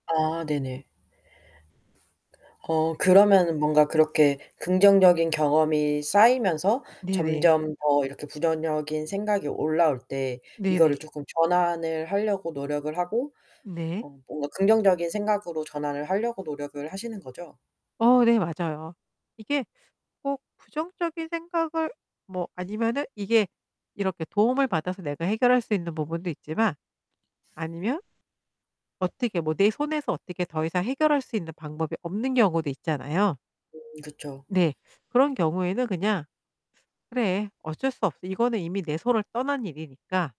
아 네네. 어 그래서 그러면은 뭔가 그렇게 긍정적인 경험이 쌓이면서 네네. 점점 더 이렇게 부정적인 생각이 올라올 때 네네. 이거를 쪼끔 전환을 하려고 노력을 하고 네. 어 뭔가 긍정적인 생각으로 전환을 하려고 노력을 하시는 거죠? 어 네, 맞아요. 이게 꼭 부정적인 생각을 뭐 아니면은 이게 이렇게 도움을 받아서 내가 해결할 수 있는 부분도 있지만 아니면 어떻게 뭐 내 손에서 어떻게 더 이상 해결할 수 있는 방법이 없는 경우도 있잖아요. 음 그쵸. 네. 그런 경우에는 그냥 '그래 어쩔 수 없지. 이거는 이미 내 손를 떠난 일이니까'